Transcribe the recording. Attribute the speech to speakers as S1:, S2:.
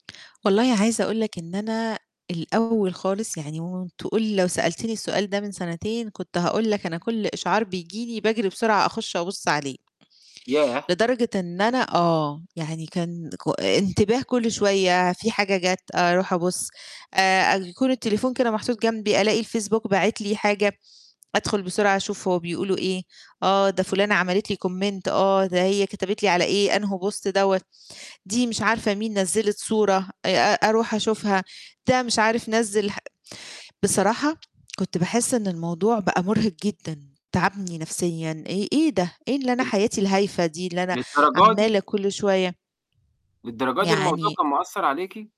S1: والله عايزة أقول لك إن أنا الأول خالص يعني [unintelligible] تقول لو سألتيني السؤال ده من سنتين كنت هاقول لك أنا كلّ إشعار بييجي لي باجري بسرعة أخش أبُصّ عليه.
S2: ياه!
S1: لدرجة إن أنا آه يعني كان ك انتباه كلّ شوية في حاجة جات أروح أبُصّ، آآ أ يكون التليفون كان محطوط جنبي ألاقي الفيسبوك باعِت لي حاجة، أدخل بسرعة أشوف هو بيقولوا إيه، آه ده فلانة عملت لي Comment آه ده هي كتبت لي على إيه أنهو Post دوّة، دي مش عارفة مين نزّلِت صورة، آآ أ أروح أشوفها، ده مش عارف نزِّل ح بصراحة كنت باحس إن الموضوع بقى مرهق جدًا تعبني نفسيًا، إيه إيه ده؟! إيه اللي أنا
S2: [unintelligible]
S1: حياتي الهايفة دي اللي أنا
S2: للدرجة
S1: عمالة
S2: دي؟
S1: كلّ شوية
S2: للدرجة دي الموضوع
S1: يعني
S2: كان مأثّر عليكِ؟